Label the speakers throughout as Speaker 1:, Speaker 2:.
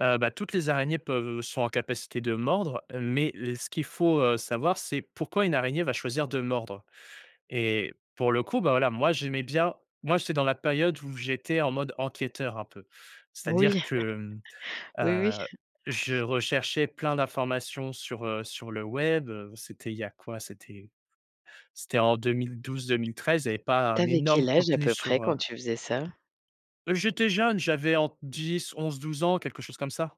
Speaker 1: Heu bah, toutes les araignées peuvent, heu, sont en capacité de mordre. Mais le ce qu'il faut, heu, savoir, c'est pourquoi une araignée va choisir de mordre? Et pour le coup, bah, voilà, moi, j'aimais bien moi, j'étais dans la période où j'étais en mode enquêteur, un peu.
Speaker 2: Oui.
Speaker 1: C'est-à-dire que, hem,
Speaker 2: Oui, oui.
Speaker 1: heu, je recherchais plein d'informations sur, heu, sur le web, heu, c'était il y a quoi? C'était c'était en 2012-2013, il y avait pas
Speaker 2: Tu
Speaker 1: un
Speaker 2: avais
Speaker 1: énorme
Speaker 2: quel âge à
Speaker 1: contenu
Speaker 2: peu près,
Speaker 1: sur,
Speaker 2: quand
Speaker 1: heu
Speaker 2: tu faisais ça?
Speaker 1: Heu, j'étais jeune. J'avais entre 10-11-12 ans, quelque chose comme ça.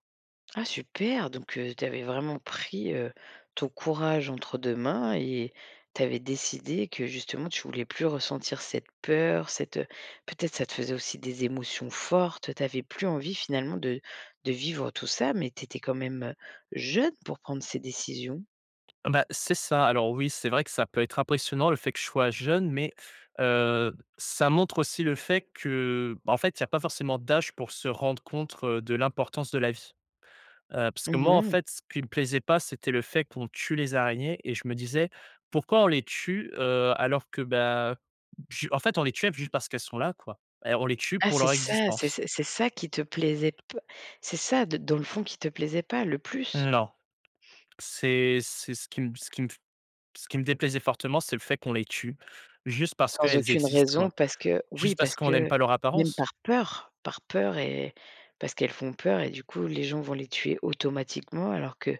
Speaker 2: Ah super! Donc heu, tu avais vraiment pris, heu, ton courage entre 2 mains et tu avais décidé que, justement, tu voulais plus ressentir cette peur, cette, heu peut-être ça te faisait aussi des émotions fortes. Tu avais plus envie, finalement, de de vivre tout ça mais tu étais quand même, heu, jeune pour prendre ces décisions?
Speaker 1: Bah, c'est ça. Alors oui, c'est vrai que ça peut être impressionnant, le fait que je sois jeune mais heu, ça montre aussi le fait que, bah, en fait, il y a pas forcément d'âge pour se rendre compte de l'importance de la vie. Heu, parce que
Speaker 2: Mmh
Speaker 1: moi, en
Speaker 2: mh.
Speaker 1: fait, ce qui me plaisait pas, c'était le fait qu'on tue les araignées et je me disais: «Pourquoi on les tue? Heu, alors que, bah, heu, je» en fait, on les tuait juste parce qu'elles sont là, quoi et on les tue
Speaker 2: Ah,
Speaker 1: pour
Speaker 2: c'est
Speaker 1: leur
Speaker 2: ça? C'est
Speaker 1: existence.
Speaker 2: c'est c'est ça qui te plaisait p c'est ça de dans le fond qui te plaisait pas le plus?
Speaker 1: Non, c'est c'est ce qui me ce qui me f ce qui me déplaisait fortement, c'est le fait qu'on les tue juste parce
Speaker 2: Sans
Speaker 1: qu'elles
Speaker 2: aucune
Speaker 1: existent,
Speaker 2: raison
Speaker 1: quoi,
Speaker 2: parce que oui!
Speaker 1: juste parce
Speaker 2: Parce
Speaker 1: qu'on aime
Speaker 2: que
Speaker 1: pas leur
Speaker 2: même
Speaker 1: apparence.
Speaker 2: par peur! Par peur et parce qu'elles font peur et du coup les gens vont les tuer automatiquement, alors que,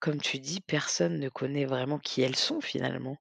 Speaker 2: comme tu dis, personne ne connaît vraiment qui elles sont, finalement.